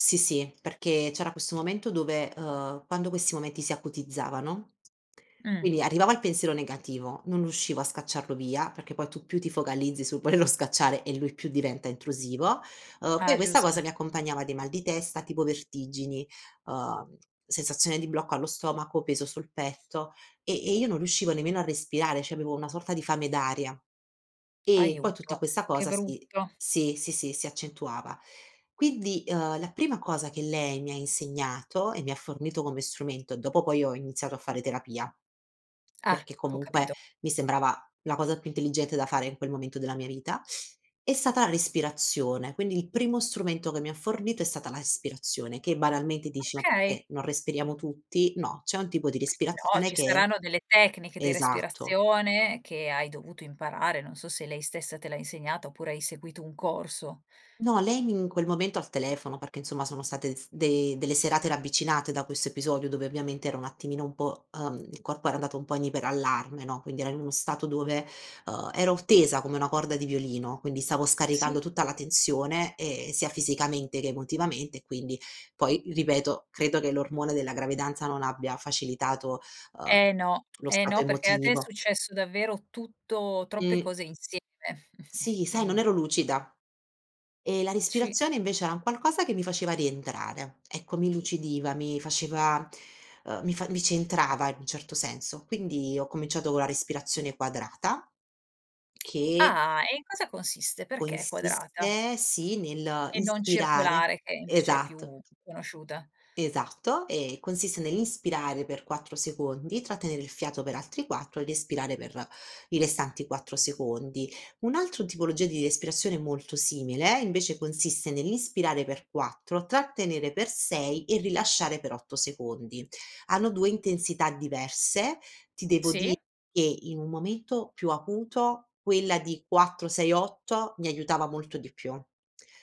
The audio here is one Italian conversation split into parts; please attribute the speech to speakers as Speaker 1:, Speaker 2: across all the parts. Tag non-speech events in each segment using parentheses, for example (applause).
Speaker 1: Sì sì, perché c'era questo momento dove, uhm, quando questi momenti si acutizzavano
Speaker 2: Mh.
Speaker 1: quindi arrivava il pensiero negativo, non riuscivo a scacciarlo via, perché poi tu più ti focalizzi sul volerlo scacciare e lui più diventa intrusivo, uhm, poi
Speaker 2: Ah,
Speaker 1: questa cosa
Speaker 2: giusto.
Speaker 1: mi accompagnava di mal di testa, tipo vertigini, uhm, sensazione di blocco allo stomaco, peso sul petto, ehm, e e io non riuscivo nemmeno a respirare, c'avevo una sorta di fame d'aria. E poi
Speaker 2: Aiuto.
Speaker 1: tutta questa
Speaker 2: Che
Speaker 1: cosa si
Speaker 2: brutto.
Speaker 1: sì, sì, si accentuava. Quindi, ehm, la prima cosa che lei mi ha insegnato e mi ha fornito come strumento dopo poi ho iniziato a fare terapia,
Speaker 2: Ah,
Speaker 1: perché
Speaker 2: ho
Speaker 1: comunque
Speaker 2: capito.
Speaker 1: mi sembrava la cosa più intelligente da fare in quel momento della mia vita, è stata la respirazione. Quindi il primo strumento che mi ha fornito è stata la respirazione, che banalmente dici: "Ma
Speaker 2: Okay.
Speaker 1: perché non respiriamo tutti?" No, c'è un tipo di
Speaker 2: No,
Speaker 1: respirazione
Speaker 2: ci
Speaker 1: che
Speaker 2: saranno delle tecniche di
Speaker 1: esatto.
Speaker 2: respirazione che hai dovuto imparare, non so se lei stessa te l'ha insegnata, oppure hai seguito un corso.
Speaker 1: No, lei mi in quel momento al telefono, perché insomma sono state s de delle serate ravvicinate da questo episodio dove ovviamente era un attimino un po', uhm il corpo era andato un po' in iperallarme, no, quindi era in uno stato dove, uhm ero tesa come una corda di violino, quindi stavo
Speaker 2: Sì.
Speaker 1: scaricando tutta la tensione, ehm, sia fisicamente che emotivamente e quindi poi ripeto credo che l'ormone della gravidanza non abbia facilitato, uhm,
Speaker 2: Eh no,
Speaker 1: lo
Speaker 2: eh
Speaker 1: stato
Speaker 2: no, perché a te è
Speaker 1: emotivo.
Speaker 2: successo davvero tutto troppe
Speaker 1: Mh.
Speaker 2: cose insieme (chuckles) e
Speaker 1: Sì, sai, non
Speaker 2: quindi
Speaker 1: ero lucida. Ehm, la
Speaker 2: Ci
Speaker 1: respirazione invece era un qualcosa che mi faceva rientrare. Ecco, mi lucidiva, mi faceva, uhm, mi fa mi centrava in un certo senso. Quindi ho cominciato con la respirazione quadrata che
Speaker 2: Ah e in cosa consiste? Perché è quadrata?
Speaker 1: consiste sì
Speaker 2: E non
Speaker 1: nell'inspirare
Speaker 2: circolare, che invece è
Speaker 1: esatto.
Speaker 2: più conosciuta?
Speaker 1: Esatto, ehm, consiste nell'inspirare per 4 secondi, trattenere il fiato per altri 4 ed espirare per i restanti 4 secondi. Un'altro tipologia di respirazione molto simile invece consiste nell'inspirare per 4 trattenere per 6 e rilasciare per 8 secondi. Hanno 2 intensità diverse, ti devo di
Speaker 2: Sì.
Speaker 1: che in un momento più acuto quella di 4, 6, 8 mi aiutava molto di più,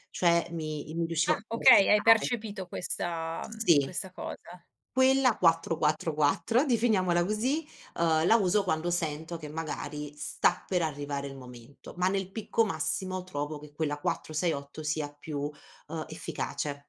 Speaker 1: cioè mi im riuscivo
Speaker 2: Ah
Speaker 1: più a
Speaker 2: okay, hai
Speaker 1: resettare.
Speaker 2: percepito questa, mhmm,
Speaker 1: Sì.
Speaker 2: questa cosa.
Speaker 1: Quella 4, 4, 4, definiamola così, uhm, la uso quando sento che magari sta per arrivare il momento, ma nel picco massimo trovo che quella 4 6 8 sia più, uhm, efficace.